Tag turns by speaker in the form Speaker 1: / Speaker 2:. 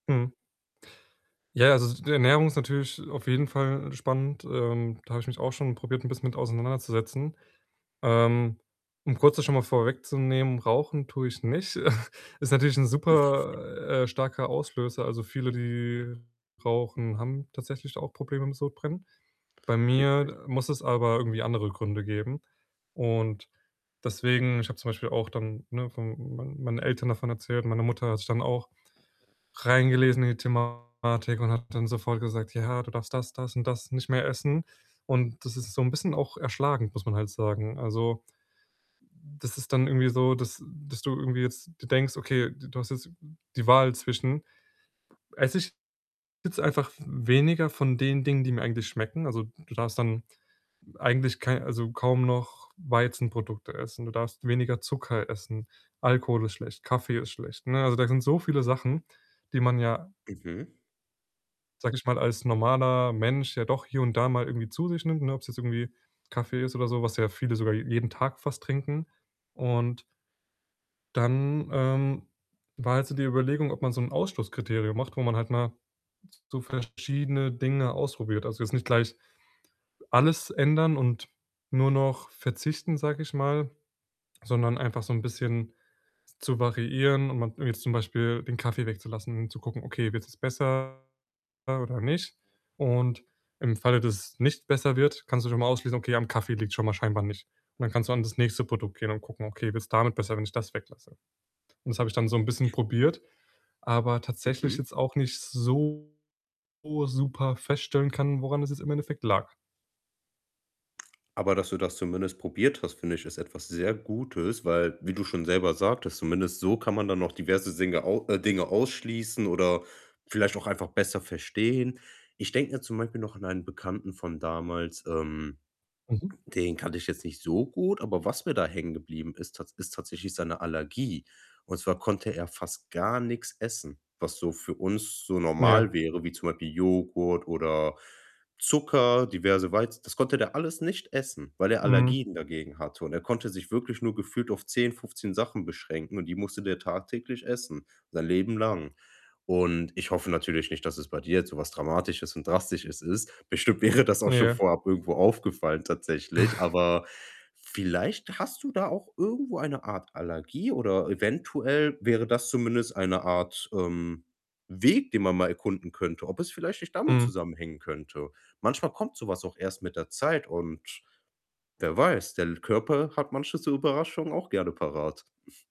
Speaker 1: Mhm. Ja, also, d die Ernährung ist natürlich auf jeden Fall spannend. Ähm, da habe ich mich auch schon probiert, 'n bisschen mit auseinanderzusetzen. Ähm, um kurz das schon mal vorwegzunehmen, rauchen tue ich nicht. Ist natürlich 'n super, äh, starker Auslöser. Also, viele, die rauchen, haben tatsächlich auch Probleme mit Sodbrennen. Bei
Speaker 2: Richtig.
Speaker 1: mir muss es aber irgendwie andere Gründe geben. Und deswegen ich habe zum Beispiel auch dann, ne, von mein meinen Eltern davon erzählt. Meine Mutter hat sich dann auch reingelesen in die Thematik und hat dann sofort gesagt: „Ja, du darfst das, das und das nicht mehr essen.“ Und das ist so 'n bisschen auch erschlagend, muss man halt sagen. Also, das ist dann irgendwie so, dass dass du irgendwie jetzt dir denkst: „Okay, d du hast jetzt die Wahl zwischen, ‚esse ich jetzt einfach v weniger von den Dingen, die mir eigentlich schmecken?'“ Also, du darfst dann eigentlich kei also, kaum noch Weizenprodukte essen. Du darfst weniger Zucker essen. Alkohol ist schlecht. Kaffee ist schlecht, ne? Also, da sind so viele Sachen, die man ja
Speaker 2: Mhm.
Speaker 1: sage ich mal, als normaler Mensch ja doch hier und da mal irgendwie zu sich nimmt, ne, ob's jetzt irgendwie Kaffee ist oder so, was ja viele sogar je jeden Tag fast trinken und dann, ähm, war halt so die Überlegung, ob man so 'n Ausschlusskriterium macht, wo man halt mal s so verschiedene Dinge ausprobiert. Also, jetzt nicht gleich alles ändern und nur noch verzichten, sage ich mal, sondern einfach so 'n bisschen zu variieren und mal jetzt zum Beispiel den Kaffee wegzulassen und zu gucken: „Okay, wird's jetzt besser oder nicht?“ Und im Falle, dass es nicht besser wird, kannst du schon mal ausschließen: „Okay, am Kaffee liegt's schon mal scheinbar nicht.“ Und dann kannst du an das nächste Produkt gehen und gucken: „Okay, wird's damit besser, wenn ich das weglasse?“ Und das habe ich dann so 'n bisschen probiert, aber tatsächlich
Speaker 2: Mhm.
Speaker 1: jetzt auch nicht so super feststellen können, woran das jetzt im Endeffekt lag.
Speaker 2: Aber dass du das zumindest probiert hast, finde ich, ist etwas sehr Gutes, weil wie du schon selber sagtest, zumindest so kann man dann noch diverse Dinge au äh, Dinge ausschließen oder vielleicht auch einfach besser verstehen. Ich denke da zum Beispiel noch an einen Bekannten von damals, ähm,
Speaker 1: Mhm.
Speaker 2: den kannte ich jetzt nicht so gut, aber was mir da hängen geblieben ist tats ist tatsächlich seine Allergie und zwar konnte er fast gar nix essen, was so für uns so
Speaker 1: Ja.
Speaker 2: normal wäre, wie zum Beispiel Joghurt oder Zucker, diverse Weiz das konnte der alles nicht essen, weil er
Speaker 1: Mhm.
Speaker 2: Allergien dagegen hatte und er konnte sich wirklich nur gefühlt auf 10, 15 Sachen beschränken und die musste der tagtäglich essen, sein Leben lang und ich hoffe natürlich nicht, dass es bei dir jetzt so was Dramatisches und Drastisches ist. Bestimmt wäre das auch schon
Speaker 1: Ja.
Speaker 2: vorab irgendwo aufgefallen tatsächlich. Aber vielleicht hast du da auch irgendwo eine Art Allergie oder eventuell wäre das zumindest eine Art, ähm, Weg, den man mal erkunden könnte, ob es vielleicht nicht damit
Speaker 1: Mhm.
Speaker 2: zusammenhängen könnte. Manchmal kommt so was auch erst mit der Zeit und wer weiß, der l Körper hat manche so Überraschungen auch gerne parat.